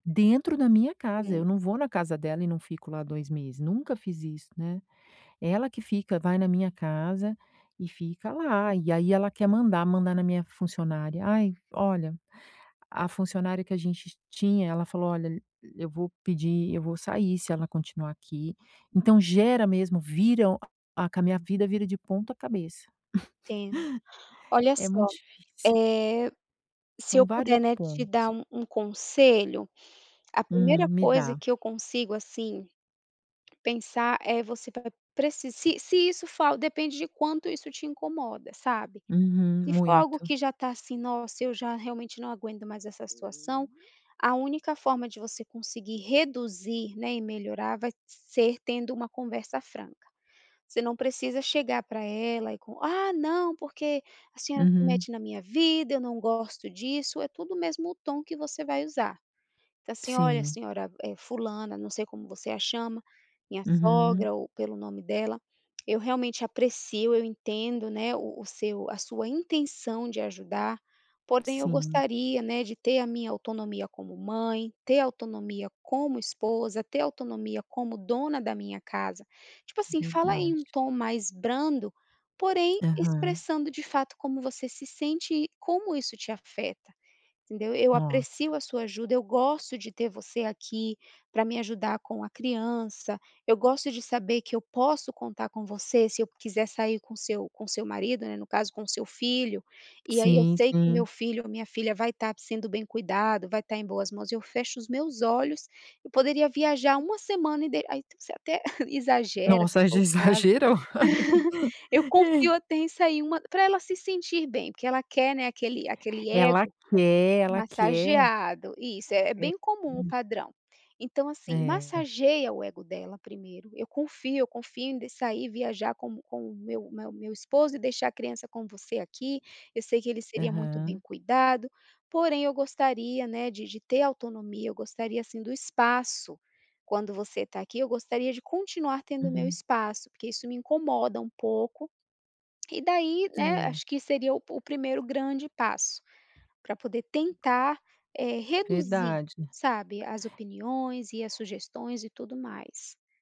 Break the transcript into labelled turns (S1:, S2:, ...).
S1: Dentro da minha casa. Eu
S2: Sim.
S1: não vou na casa dela e não fico lá 2 meses. Nunca fiz isso, né. Ela que fica vai na minha casa e fica lá, e aí ela quer mandar, mandar na minha funcionária ai, olha. A funcionária que a gente tinha, ela falou: "Olha, eu vou pedir eu vou sair, se ela continuar aqui", então gera mesmo, vira ah, com a minha vida, vira de ponta cabeça.
S2: Sim. Olha
S1: É muito
S2: só.
S1: difícil.
S2: Eh, se
S1: São
S2: eu
S1: vários
S2: puder, né, te dar
S1: pontos.
S2: um um conselho, a
S1: Hum,
S2: primeira
S1: me
S2: coisa
S1: dá.
S2: que eu consigo, assim, pensar é, você vai preci se se isso for al depende de quanto isso te incomoda, sabe.
S1: Uhum,
S2: Se for algo
S1: muito.
S2: que já tá, assim, "Nossa, eu já realmente não aguento mais essa situação", a única forma de você conseguir reduzir, né, e melhorar vai ser tendo uma conversa franca. Você não precisa chegar pra ela e com "Ah, não, porque a senhora se
S1: Uhum.
S2: mete na minha vida, eu não gosto disso", é tudo o mesmo tom que você vai usar. Então, assim, "Olha,
S1: Sim.
S2: senhora, eh, fulana", não sei como você a chama. Minha
S1: Uhum.
S2: sogra ou pelo nome dela, "Eu realmente aprecio eu entendo, né, o o seu a sua intenção de ajudar, porém eu
S1: Sim.
S2: gostaria, né, de ter a minha autonomia como mãe, ter autonomia como esposa, ter autonomia como dona da minha casa". Tipo assim, fala em um
S1: Verdade.
S2: tom mais brando, porém
S1: Aham.
S2: expressando, de fato, como você se sente e como isso te afeta, entendeu "Eu
S1: Nossa.
S2: aprecio a sua ajuda, eu gosto de ter você aqui, pra me ajudar com a criança. Eu gosto de saber que eu posso contar com você, se eu quiser sair com seu com seu marido, né, no caso, com o seu filho. E aí eu
S1: Sim,
S2: sei que meu
S1: sim.
S2: filho ou minha filha vai estar sendo bem cuidado, vai estar em boas mãos, eu fecho os meus olhos eu poderia viajar 1 semana", e daí aí tu você até exagera, se
S1: Nossa, aí
S2: for
S1: já
S2: o caso.
S1: exagerou
S2: "Eu
S1: aí.
S2: confio até em sair uma", pra ela se sentir bem. Porque ela quer, né, aquele aquele
S1: Ela
S2: ego
S1: quer, ela quer.
S2: massageado. Isso, é é
S1: É,
S2: bem comum, o
S1: hum.
S2: padrão. Então assim,
S1: É.
S2: massageia o ego dela primeiro, "eu confio eu confio em de sair viajar como com o meu o meu o meu esposo e deixar a criança com você aqui, eu sei que ele seria muito bem
S1: Aham.
S2: cuidado, porém eu gostaria, né, de de ter autonomia, eu gostaria, assim, do espaço, quando você tá aqui, eu gostaria de continuar tendo o meu
S1: Uhum.
S2: espaço, porque isso me incomoda um pouco". E daí, né,
S1: É.
S2: acho que seria o pu o primeiro grande passo, pra poder tentar, eh, reduzir,
S1: Verdade.
S2: sabe, as opiniões e as sugestões e tudo mais.